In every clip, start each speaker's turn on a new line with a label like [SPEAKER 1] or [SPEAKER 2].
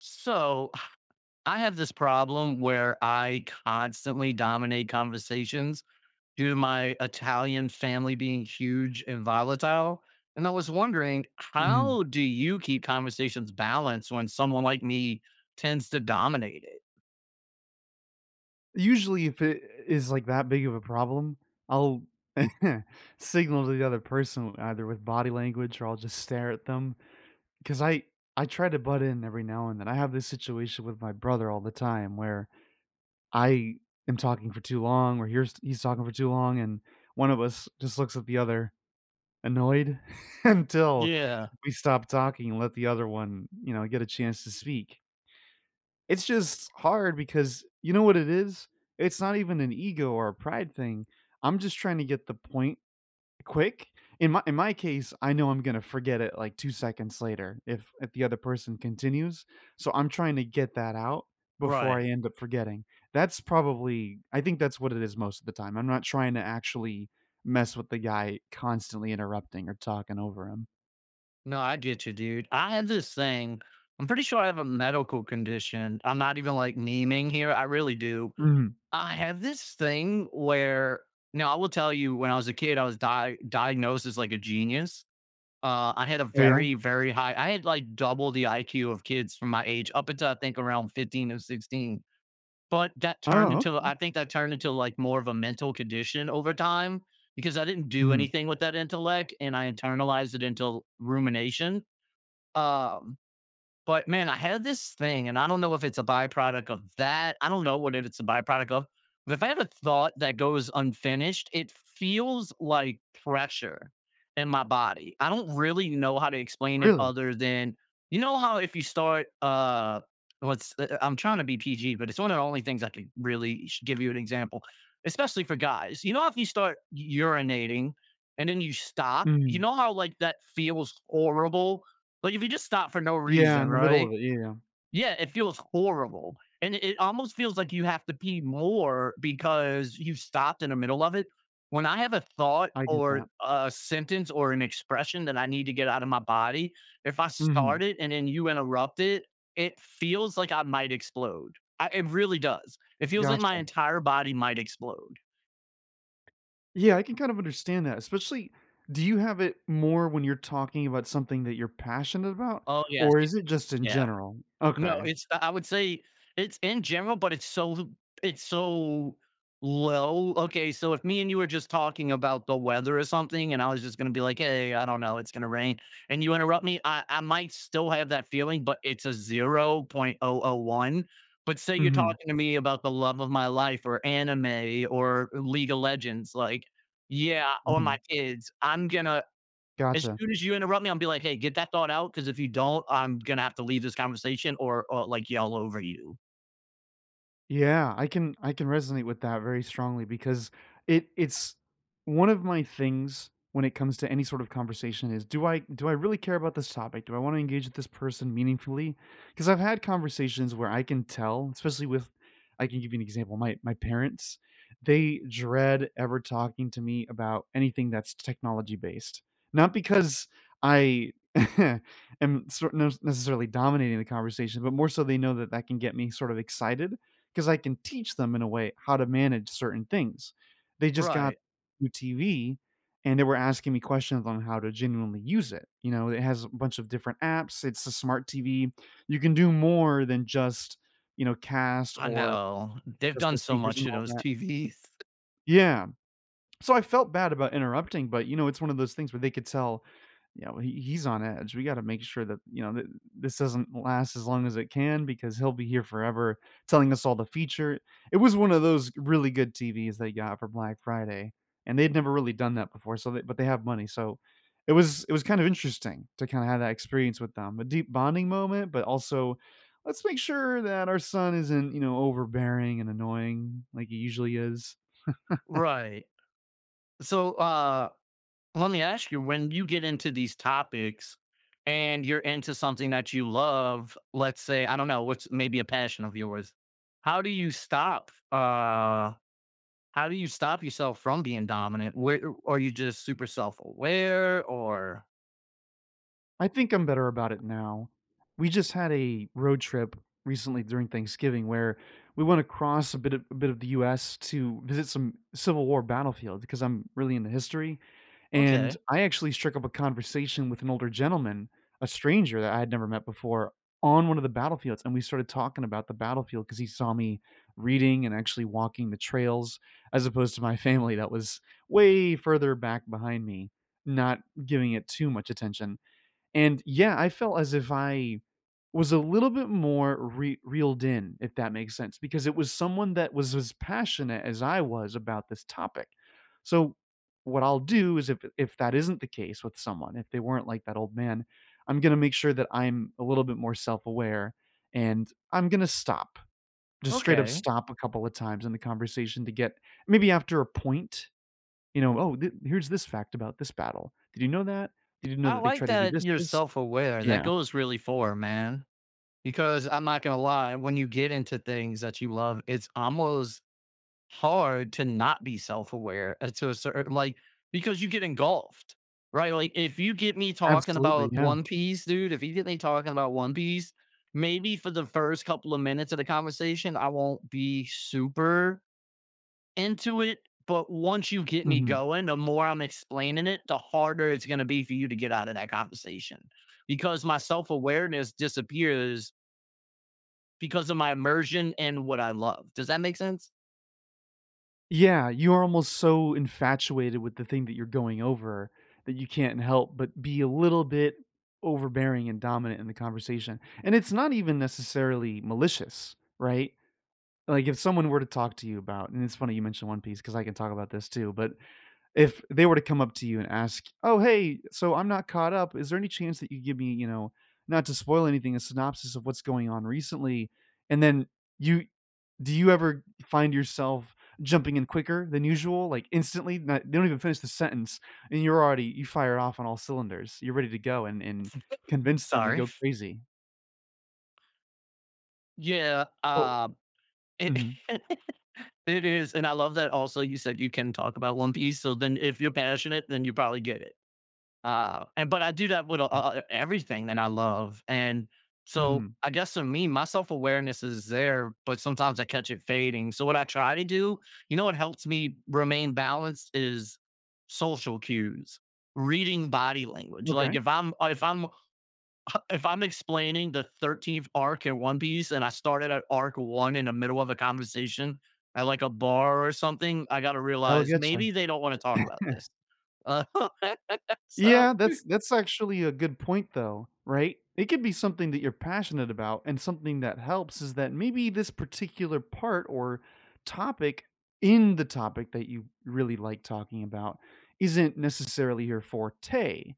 [SPEAKER 1] So, I have this problem where I constantly dominate conversations, due to my Italian family being huge and volatile. And I was wondering,
[SPEAKER 2] Mm.
[SPEAKER 1] how do you keep conversations balanced when someone like me tends to dominate it?
[SPEAKER 2] Usually, if it, eh, is, like, that big of a problem, I'll signal to the other person, with either with body language or I'll just stare at them, 'cause I I try to butt in every now and then. I have this situation with my brother all the time where I am talking for too long or here's he's talking for too long, and one of us just looks at the other, annoyed until
[SPEAKER 1] Yeah.
[SPEAKER 2] we stop talking and let the other one, you know, get a chance to speak. It's just hard because, you know what it is? It's not even an ego or a pride thing, I'm just trying to get the point quick. In my in my case, I know I'm gonna forget it, like, 2 seconds later if if the other person continues. So I'm trying to get that out, before I
[SPEAKER 1] Right.
[SPEAKER 2] end up forgetting. That's probably I think that's what it is most of the time. I'm not trying to actually mess with the guy constantly interrupting or talking over him.
[SPEAKER 1] No, I get you, dude. I have this thing I'm pretty sure I have a medical condition. I'm not even, like, naming here, I really do.
[SPEAKER 2] Mhm.
[SPEAKER 1] I have this thing where now I will tell you when I was a kid, I was di diagnosed as like a genius. Uh, I had a
[SPEAKER 2] Oh, yeah?
[SPEAKER 1] very very high I had, like, double the IQ of kids from my age up until I think around 15 or 16. But that turned
[SPEAKER 2] Oh,
[SPEAKER 1] into
[SPEAKER 2] okay.
[SPEAKER 1] I think that turned into like more of a mental condition over time, because I didn't do
[SPEAKER 2] Mhm.
[SPEAKER 1] anything with that intellect and I internalized it until rumination. Um, but man, I had this thing and I don't know if it's a byproduct of that. I don't know what it's a byproduct of, but if I had a thought that goes unfinished, it feels like pressure in my body. I don't really know how to explain it
[SPEAKER 2] Really?
[SPEAKER 1] other than you know, how if you start, uh, what's eh eh I'm tryna be PG, but it's one of the only things I could really should give you an example, especially for guys. You know, if you start u urinating and then you stop, you
[SPEAKER 2] Mhm.
[SPEAKER 1] know how, like, that feels horrible? Like, if you just stop for no
[SPEAKER 2] Yeah,
[SPEAKER 1] reason,
[SPEAKER 2] in the middle
[SPEAKER 1] right?
[SPEAKER 2] of it. Yeah.
[SPEAKER 1] Yeah, it feels horrible. And it it almost feels like you have to pee more because you stopped in the middle of it. When I have a thought
[SPEAKER 2] I get
[SPEAKER 1] or
[SPEAKER 2] that.
[SPEAKER 1] a sentence or an expression that I need to get out of my body, if I start
[SPEAKER 2] Mhm.
[SPEAKER 1] it and then you interrupt it, it feels like I might explode. Uh, it really does. It feels like my
[SPEAKER 2] Gotcha.
[SPEAKER 1] entire body might explode.
[SPEAKER 2] Yeah, i I can kind of understand that, especially Do you have it more when you're talking about something that you're passionate about,
[SPEAKER 1] Oh, yes,
[SPEAKER 2] or
[SPEAKER 1] ye
[SPEAKER 2] is it just in
[SPEAKER 1] Yeah.
[SPEAKER 2] general?
[SPEAKER 1] No,
[SPEAKER 2] Okay.
[SPEAKER 1] it's I I would say it's in general but it's so l it's so low. Okay, so if me and you were just talking about the weather or something, and I was just gonna be like, "Hey, I don't know. It's gonna rain," and you interrupt me, I I might still have that feeling, but it's a 0.001, but say you're
[SPEAKER 2] Mhm.
[SPEAKER 1] talking to me about the love of my life, or anime, or League of Legends, like Yeah, or my
[SPEAKER 2] Mhm.
[SPEAKER 1] kids, I'm gonna As
[SPEAKER 2] Gotcha.
[SPEAKER 1] soon as you interrupt me, imma be like, "Hey, get that thought out, 'cause if you don't, I'm gonna have to leave this conversation or or, like, yell over you."
[SPEAKER 2] Yeah, I can I can resonate with that very strongly because it it's One of my things when it comes to any sort of conversation is, do I do I really care about this topic? Do I wanna engage with this person meaningfully? 'Cause I've had conversations where I can tell, especially with I can give you an example, my my parents, they dread ever talking to me about anything that's technology-based, not because I am sort nos necessarily dominating the conversation, but more so they know that that can get me sort of excited, 'cause I can teach them in a way how to manage certain things. They just got
[SPEAKER 1] Right.
[SPEAKER 2] new TV, and they were asking me questions of 'em how to genuinely use it, you know, it has a bunch of different apps- it's a smart TV- you can do more than just, you know, cast
[SPEAKER 1] I
[SPEAKER 2] or
[SPEAKER 1] know, they've
[SPEAKER 2] just
[SPEAKER 1] done
[SPEAKER 2] the
[SPEAKER 1] so
[SPEAKER 2] speakers
[SPEAKER 1] much
[SPEAKER 2] and
[SPEAKER 1] to
[SPEAKER 2] all
[SPEAKER 1] those
[SPEAKER 2] that.
[SPEAKER 1] TVs.
[SPEAKER 2] Yeah, so, I felt bad about interrupting, but, you know, it's one of those things where they could tell, you know, "He he's on edge. We gotta make sure that, you know, thi this doesn't last as long as it can because he'll be here forever telling us all the feature." It was one of those really good TVs they got for Black Friday, and they'd never really done that before. So, they but they have money, so it was it was kind of interesting to kinda have that experience with them, a deep bonding moment, but also, "Let's make sure that our son isn't, you know, overbearing and annoying like he usually is."
[SPEAKER 1] Right. So, uh, lemme ask you, when you get into these topics, and you're into something that you love, let's say, I don't know, what's maybe a passion of yours? How do you stop, uh, how do you stop yourself from being dominant? Whe o are you just super self-aware, or
[SPEAKER 2] I think I'm better about it now. We just had a road trip recently during Thanksgiving where we went across a bit of a bit of the US to visit some Civil War battlefield 'cause I'm really into history, and
[SPEAKER 1] Okay.
[SPEAKER 2] I actually strick up a conversation with an older gentleman, a stranger that I had never met before, on one of the battlefields, and we started talking about the battlefield 'cause he saw me reading and actually walking the trails, as opposed to my family that was way further back behind me, not giving it too much attention. And, yeah, I felt as if I was a little bit more re reeled in, if that makes sense, because it was someone that was as passionate as I was about this topic. So, what I'll do is if if that isn't the case with someone, if they weren't like that old man, I'm gonna make sure that I'm a little bit more self-aware, and I'm gonna stop. Just straight up
[SPEAKER 1] Okay.
[SPEAKER 2] stop a couple of times in the conversation to get maybe after a point, you know, "Oh, th here's this fact about this battle. Did you know that? Did you know
[SPEAKER 1] I
[SPEAKER 2] that they
[SPEAKER 1] like
[SPEAKER 2] tried to do
[SPEAKER 1] that
[SPEAKER 2] this,
[SPEAKER 1] you're
[SPEAKER 2] this?"
[SPEAKER 1] self-aware. That
[SPEAKER 2] Yeah.
[SPEAKER 1] goes really far, man. Because I'm not gonna lie, when you get into things that you love, it's almost hard to not be self-aware, uh, to a certai like, because you get engulfed. Right? Like, if you get me talking
[SPEAKER 2] Absolutely,
[SPEAKER 1] about
[SPEAKER 2] yeah.
[SPEAKER 1] One Piece, dude, if you get me talking about One Piece, maybe for the first couple of minutes of the conversation, I won't be super into it, but once you get me
[SPEAKER 2] Mhm.
[SPEAKER 1] going, the more I'm explaining it, the harder it's gonna be for you to get out of that conversation, because my self-awareness disappears because of my immersion in what I love. Does that make sense?
[SPEAKER 2] Yeah, you're almost so infatuated with the thing that you're going over that you can't help but be a little bit overbearing and dominant in the conversation, and it's not even, necessarily, malicious, right? Like, if someone were to talk to you about and it's funny you mentioned One Piece 'cause I can talk about this, too, but if they were to come up to you and ask, "Oh, hey, so I'm not caught up, is there any chance that you give me, you know- not to spoil anything- a synopsis of what's going on recently?" And then you do you ever find yourself jumping in quicker than usual, like, instantly? Not they don't even finish the sentence, and you're already you fire off on all cylinders, you're ready to go and and convince them they
[SPEAKER 1] Sorry.
[SPEAKER 2] go crazy.
[SPEAKER 1] Yeah,
[SPEAKER 2] Oh
[SPEAKER 1] uh, it
[SPEAKER 2] mhm.
[SPEAKER 1] it is and I love that also you said you can talk about One Piece, so then, if you're passionate, then you probably get it. Uh, and but I do that wit a a all e everything that I love, and so,
[SPEAKER 2] Mhm.
[SPEAKER 1] I guess so me, my self-awareness is there, but sometimes I catch it fading, so what I try to do you know what helps me remain balanced is social cues, reading body language, like,
[SPEAKER 2] Okay.
[SPEAKER 1] if I'm w if I'm if I'm explaining the 13th arc in One Piece, and I started at arc 1 in a middle of the conversation, at, like, a bar or something, I gotta
[SPEAKER 2] That'll
[SPEAKER 1] realize,
[SPEAKER 2] get you.
[SPEAKER 1] maybe they don't wanna talk about this, uh, so
[SPEAKER 2] Yeah, that's that's actually a good point, though, right? It could be something that you're passionate about, and something that helps is that maybe this particular part or topic in the topic that you r really like talking about isn't, necessarily, your forte.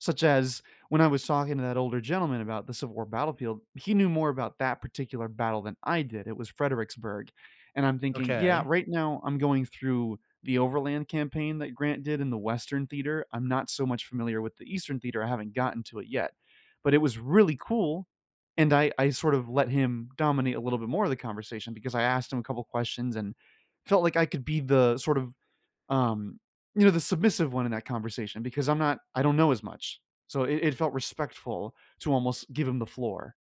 [SPEAKER 2] Such as, when I was talking to that older gentleman about the Civil War battlefield, he knew more about that particular battle than I did, it was Fredericksburg, and I'm thinking, "Yeah,
[SPEAKER 1] Okay.
[SPEAKER 2] right now I'm going through the Overland Campaign that Grant did in the Western Theater, I'm not so much familiar with the Eastern Theater, I haven't gotten to it yet." But it was really cool, and I I sort of let him dominate a little bit more of the conversation, because I asked him a couple questions and felt like I could be the, sort of, um, you know, the submissive one in that conversation, because I'm not I don't know as much, so it it felt respectful to, almost, give him the floor.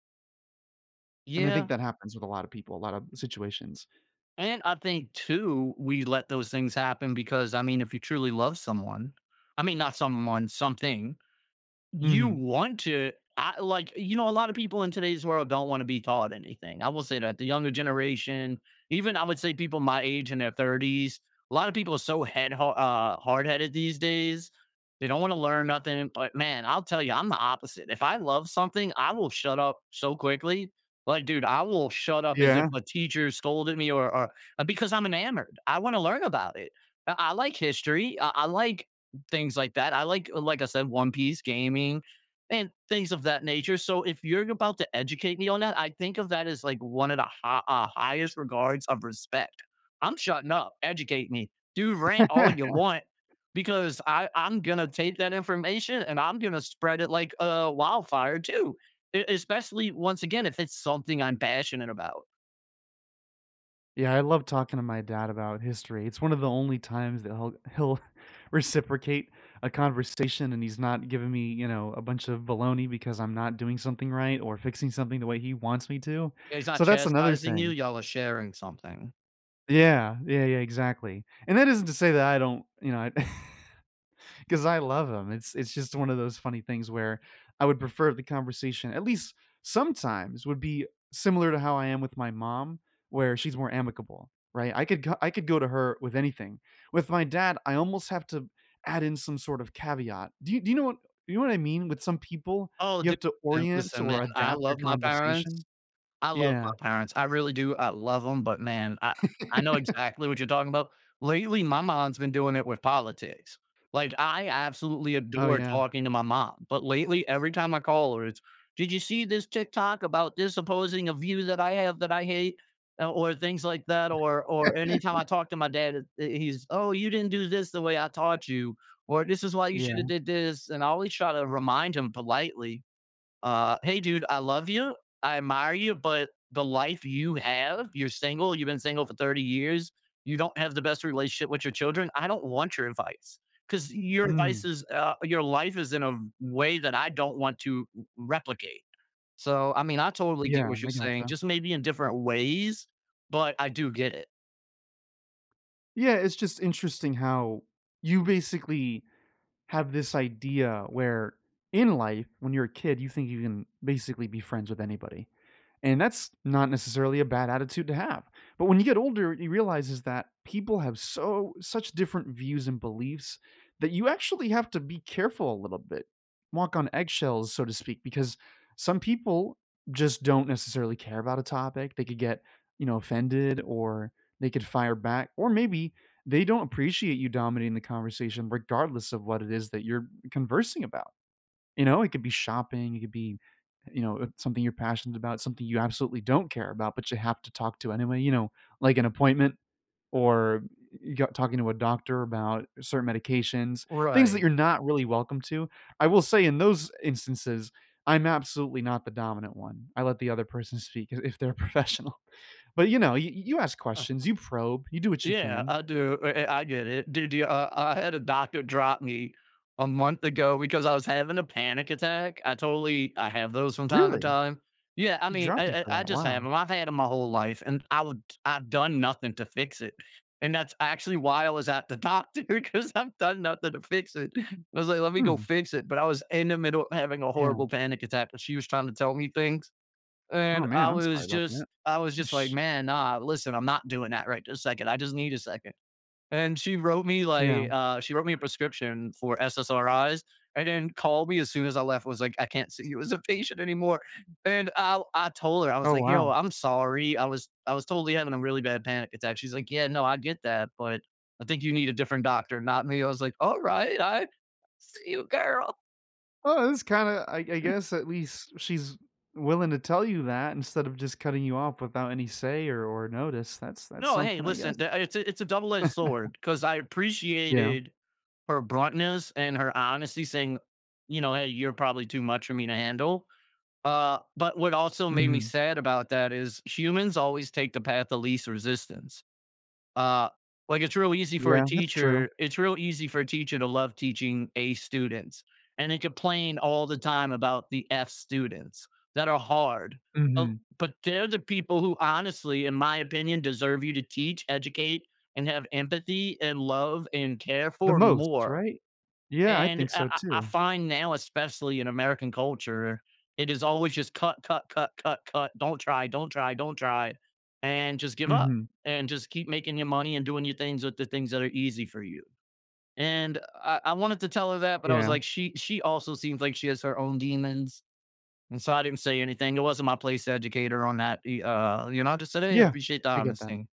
[SPEAKER 2] And I
[SPEAKER 1] Yeah.
[SPEAKER 2] think that happens with a lot of people, a lot of situations.
[SPEAKER 1] And I think too, we let those things happen because, I mean, if you truly love someone I mean not someone, something, you
[SPEAKER 2] Mhm.
[SPEAKER 1] want to, ah like, you know, a lotta people in today's world don't wanna be taught anything, I will say that. The younger generation, even I would say people my age in their 30s, a lotta people are so head ha uh, hardheaded these days. They don't want to learn nothing. But man, I'll tell ya, I'm the opposite. If I love something, I will shut up so quickly. Like, dude, I will shut up as if
[SPEAKER 2] Yeah.
[SPEAKER 1] a teacher scolded me or or because I'm enamored. I want to learn about it. I I like history, I I like things like that. I like like I said, One Piece, gaming, and things of that nature, so, if you're about to educate me on that, I think of that as, like, one of the ha ah, highest regards of respect. I'm shutting up. Educate me. Dude, rant all ya want because I I'm gonna take that information, and I'm gonna spread it, uh, like a wildfire too, e especially, once again, if it's something I'm passionate about.
[SPEAKER 2] Yeah, I love talking to my dad about history, it's one of the only times that he'll he'll reciprocate a conversation, and he's not giving me, you know, a bunch of baloney because I'm not doing something right or fixing something the way he wants me to,
[SPEAKER 1] Yeah, he's not
[SPEAKER 2] so that's another
[SPEAKER 1] chastising you,
[SPEAKER 2] thing.
[SPEAKER 1] y'all are sharing something.
[SPEAKER 2] Yeah, yeah, yeah, exactly, and that isn't to say that I don't, you know, I 'cause I love him, it's it's just one of those funny things where, I would prefer the conversation- at least sometimes- would be similar to how I am with my mom where she's more amicable, right? I could ca I could go to her with anything, with my dad, I almost have to add in some sort of caveat, do you do you know what you know what I mean? With some people
[SPEAKER 1] Oh,
[SPEAKER 2] you
[SPEAKER 1] dude,
[SPEAKER 2] have to
[SPEAKER 1] listen
[SPEAKER 2] orient
[SPEAKER 1] listen man,
[SPEAKER 2] or
[SPEAKER 1] I
[SPEAKER 2] adapt your
[SPEAKER 1] love my parents
[SPEAKER 2] conversation?
[SPEAKER 1] I love my
[SPEAKER 2] Yeah.
[SPEAKER 1] parents, I really do, I love 'em, but man, I I know exactly what you're talking about. Lately, my mom's been doing it with politics, like, I absolutely
[SPEAKER 2] Oh,
[SPEAKER 1] adore
[SPEAKER 2] yeah.
[SPEAKER 1] talking to my mom, but lately, every time I call her it's, "Did you see 'this' TikTok about 'this' opposing, uh, view that I have that I hate?" Uh, or things like that, or or anytime I talk to my dad it it he's, "Oh, you didn't do 'this' the way I taught you," or "This is why you shoulda
[SPEAKER 2] Yeah.
[SPEAKER 1] did 'this'." And I always try to remind him politely, uh, "Hey, dude, I love you, I admire you, but the life you have you're single, you've been single for 30 years, you don't have the best relationship with your children, I don't want your advice, 'cause your advice
[SPEAKER 2] Mm.
[SPEAKER 1] is" uh, "your life is in a v way that I don't want to r replicate." So, I mean, I totally get
[SPEAKER 2] Yeah,
[SPEAKER 1] what you're
[SPEAKER 2] I
[SPEAKER 1] saying,
[SPEAKER 2] gotcha.
[SPEAKER 1] just maybe in different ways? But I do get it.
[SPEAKER 2] Yeah, it's just interesting how you basically have this idea where in life, when you're a kid, you think you can basically be friends with anybody. And that's not necessarily a bad attitude to have. But when you get older, you realize is that people have so such different views and beliefs, that you actually have to be careful a little bit, walk on eggshells, so to speak, because some people just don't necessarily care about a topic, they could get, you know, offended or they could fire back, or maybe, they don't appreciate you dominating the conversation regardless of what it is that you're conversing about, you know? It could be shopping, it could be, uh, you know, something you're passionate about, something you absolutely don't care about, but you have to talk to anyway, you know? Like an appointment or y y you got talking to a doctor about a certain medications, things that
[SPEAKER 1] Right.
[SPEAKER 2] you're not really welcome to. I will say in those instances, I'm absolutely not the dominant one, I let the other person speak i if they're a professional. But, you know, you you you you ask questions, you probe, you do what you
[SPEAKER 1] Yeah,
[SPEAKER 2] can.
[SPEAKER 1] I do, eh eh I get it. Do do uh, I had a doctor drop me a month ago because I was having a panic attack, I totally I have those from time to
[SPEAKER 2] Really?
[SPEAKER 1] time. Yeah, I
[SPEAKER 2] He
[SPEAKER 1] mean,
[SPEAKER 2] dropped you
[SPEAKER 1] I
[SPEAKER 2] for
[SPEAKER 1] I I
[SPEAKER 2] that,
[SPEAKER 1] just
[SPEAKER 2] wow.
[SPEAKER 1] have 'em, I've had 'em my whole life, and I would I've done nothing to fix it, and that's actually why I was at the doctor 'cause I've done nothing to fix it. I was like, "Let me go
[SPEAKER 2] Hmm.
[SPEAKER 1] fix it," but I was in the middle of having a
[SPEAKER 2] Yeah.
[SPEAKER 1] horrible panic attack, but she was trying to tell me things,
[SPEAKER 2] Aw,
[SPEAKER 1] and
[SPEAKER 2] man,
[SPEAKER 1] I
[SPEAKER 2] I'm sorry
[SPEAKER 1] was
[SPEAKER 2] 'bout that.
[SPEAKER 1] just I was just like,
[SPEAKER 2] Sheesh.
[SPEAKER 1] "Man, nah, listen, I'm not doing that right this second, I just need a second." And she wrote me
[SPEAKER 2] Yeah.
[SPEAKER 1] like, uh, she wrote me a prescription for SSRIs, and then called me as soon as I left, was like, "I can't see you as a patient anymore." And I'll I told her, I was
[SPEAKER 2] Oh,
[SPEAKER 1] like, "Yo,
[SPEAKER 2] wow.
[SPEAKER 1] I'm sorry, I was I was totally having a really bad panic attack," she's like, "Yeah, no, I get that, but I think you need a different doctor, not me." I was like, "Alright, I see you, girl!"
[SPEAKER 2] Well, it is kinda I I guess, at least, she's willing to tell you that, instead of just cutting you off without any say or or notice. That's that's
[SPEAKER 1] No, hey,
[SPEAKER 2] something, I guess?
[SPEAKER 1] listen, tha it's a it's a double edged sword, 'cause I
[SPEAKER 2] Yeah.
[SPEAKER 1] appreciated her bluntness and her honesty saying, you know, "Hey, you're probably too much for me to handle," uh, but what also made me
[SPEAKER 2] Mhm.
[SPEAKER 1] sad about that is humans always take the path of least resistance. Uh, like, it's real easy for a
[SPEAKER 2] Yeah, that's true.
[SPEAKER 1] teacher it's real easy for a teacher to love teaching A students, and they complain all the time about the F students, that are hard, o
[SPEAKER 2] Mhm.
[SPEAKER 1] but they're the people who honestly, in my opinion, deserve you to teach, educate, and have empathy, and love, and care
[SPEAKER 2] The
[SPEAKER 1] for
[SPEAKER 2] most,
[SPEAKER 1] more.
[SPEAKER 2] right? Yeah, I
[SPEAKER 1] And
[SPEAKER 2] think
[SPEAKER 1] I
[SPEAKER 2] so
[SPEAKER 1] I I
[SPEAKER 2] too.
[SPEAKER 1] find now, especially in American culture, it is always just, cut, cut, cut, cut, cut, don't try, don't try, don't try, and just give up,
[SPEAKER 2] Mhm.
[SPEAKER 1] and just keep making ya money and doing ya things with the things that are easy for you. And I I wanted to tell her that but I was
[SPEAKER 2] Yeah.
[SPEAKER 1] like, she she also seems like she has her own demons, and so I didn't say anything, it wasn't my place to educate her on that, e uh uh, you know, just today, I
[SPEAKER 2] Yeah.
[SPEAKER 1] appreciate the
[SPEAKER 2] I get
[SPEAKER 1] honest
[SPEAKER 2] that.
[SPEAKER 1] thing.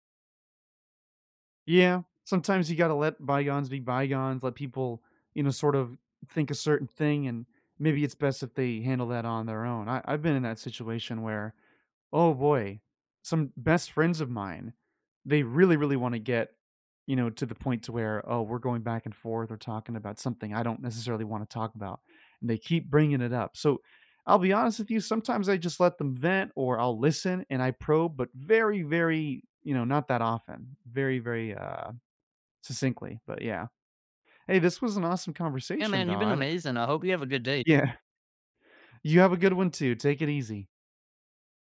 [SPEAKER 2] Yeah. Sometimes you gotta let bygones be bygones, let people, you know, sort of think a certain thing, and maybe it's best if they handle that on their own. I I've been in that situation where, oh, boy, some best friends of mine, they really, really wanna get, you know, to the point to where, oh, we're going back and forth or talking about something I don't necessarily wanna talk about, and they keep bringing it up. So, I'll be honest with you, sometimes I just let them vent or I'll listen and I probe, but very, very, you know, not that often. Very, very, uh, succinctly, but yeah. Hey, this was an awesome
[SPEAKER 1] Yeah,
[SPEAKER 2] conversation,
[SPEAKER 1] man, you've been
[SPEAKER 2] Dodd.
[SPEAKER 1] amazing, I hope you have a good day.
[SPEAKER 2] Yeah. You have a good one too, take it easy.